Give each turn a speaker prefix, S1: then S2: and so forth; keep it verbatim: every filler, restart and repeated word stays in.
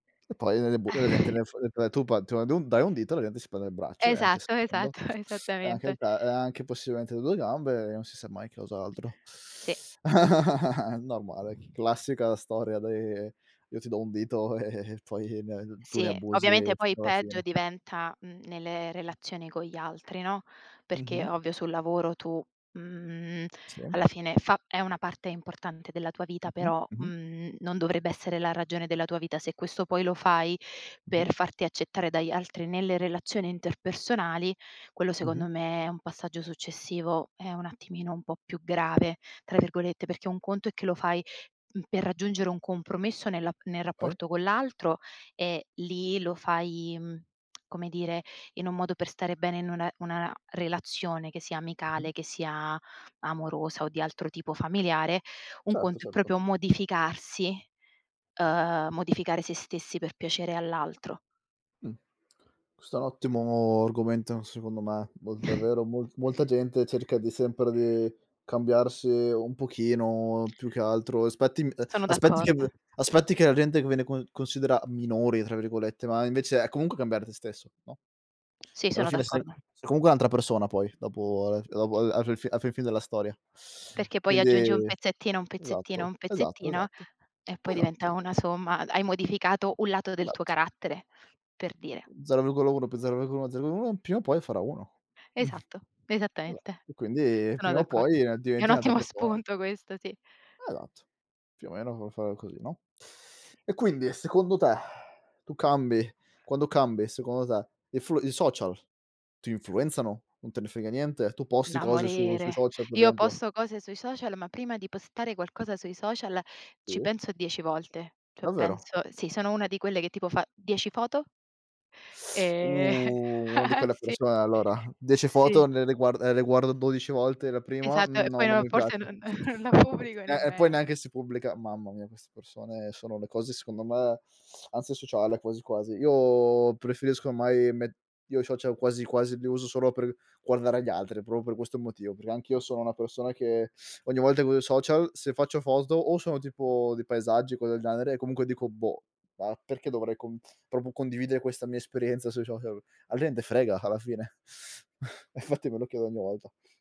S1: E poi, nelle bu eh, la gente nel su ehm, tu pa tu da dai un dito, la gente si prende il braccio e anche il
S2: Esatto,
S1: secondo,
S2: esatto,
S1: e anche il
S2: esattamente.
S1: te e anche possibilmente le due gambe e non si sa mai cos'altro.
S2: Sì.
S1: Normale, c classica storia dei, Io ti do un dito e poi ne tu ne
S2: Sì.
S1: abusi
S2: Ovviamente, poi
S1: fino alla
S2: peggio
S1: fine.
S2: diventa, mhmm, nelle
S1: Mh.
S2: relazioni con gli altri, no, perché
S1: Mh-mh.
S2: ovvio, sul lavoro tu, mhmm,
S1: Sì.
S2: alla fine fa è una parte importante della tua vita,
S1: Mh-mh.
S2: però,
S1: Mh-mh.
S2: mhmm, non dovrebbe essere la ragione della tua vita. Se questo poi lo fai
S1: Mh-mh.
S2: per farti accettare dagli altri nelle relazioni interpersonali, quello
S1: Mh-mh.
S2: secondo me è un passaggio successivo, è un attimino un po' più "grave", tra virgolette, perché un conto è che lo fai, uhm, per raggiungere un compromesso nella nel
S1: Poi?
S2: rapporto con l'altro, e lì lo fai, mhmm, come dire, in un modo per stare bene in una una relazione che sia
S1: Mh-mh.
S2: amicale, che sia amorosa o di altro tipo familiare, un
S1: Certo,
S2: conto è
S1: certo.
S2: proprio modificarsi, uhm, modificare se stessi per piacere all'altro.
S1: Mh. Questo è un ottimo argomento, secondo me. Mol davvero mol molta gente cerca di sempre di cambiarsi un pochino, più che altro aspetti m ehm,
S2: Sono
S1: aspetti che v
S2: d'accordo.
S1: aspetti che la gente viene con considera "minori" tra virgolette, ma invece, è comunque cambiare te stesso, no.
S2: Sì,
S1: Alla
S2: sono
S1: fine, sei
S2: d'accordo.
S1: comque un'altra persona poi, dopo al f dopo al alla fi fi alla fi fin della storia.
S2: Perché poi
S1: Quindi
S2: aggiungi un pezzettino, un pezzettino,
S1: esatto,
S2: un
S1: esatto,
S2: pezzettino
S1: esatto,
S2: e poi diventa
S1: esatto.
S2: una somma d hai modificato u lato del tuo
S1: ematto.
S2: carattere, per dire.
S1: zero virgola uno più zero virgola uno zero virgola uno, pima o poi farà uno.
S2: Esatto,
S1: Esa
S2: esattamente.
S1: e quindi,
S2: Sono
S1: prima o
S2: d'accordo.
S1: poi
S2: È
S1: diventi
S2: un
S1: un'altra
S2: ottimo
S1: persona.
S2: spunto questo, sì.
S1: Esatto, più o meno come fare così, no.
S2: Sì.
S1: E quindi, secondo te, tu cambi quando cambi, secondo te, i flu i social ti influenzano? Non te ne frega niente? Tu posti
S2: Da
S1: cose su sui
S2: morire.
S1: social, per
S2: Io
S1: esempio?
S2: posto cose sui social, ma prima di postare qualcosa sui social, ci
S1: Sì.
S2: penso dieci volte. cho,
S1: Davvero?
S2: penso sì, sono una di quelle che, tipo, fa dieci foto Eh,
S1: Oh, una di quelle
S2: sì.
S1: persone, allora. dieci
S2: Sì.
S1: foto ne le guar ehm, le guarda dodici volte, la prima:
S2: Esatto,
S1: “Mhmm,
S2: e poi
S1: no, non
S2: no
S1: mi
S2: forse
S1: piace.”
S2: non, non la pubblico
S1: E e poi
S2: nemmeno.
S1: neanche si pubblica. Mamma mia, queste persone sono le cose, secondo me, ansia sociale quasi, quasi. Io preferisco, ommai, met io ciocial quasi, quasi li uso solo per guardare gli altri, proprio questo motivo. Perché, anch'io sono una persona che ogni volta che uso i social se faccio foto, o sono tipo di paesaggi o cose del genere e comunque dico: “Boh, ma perché dovrei, com propio condividere questa mia esperienza sui sohial?” Alla gente frega, alla fine? Infatti me lo chiedo ogni volta.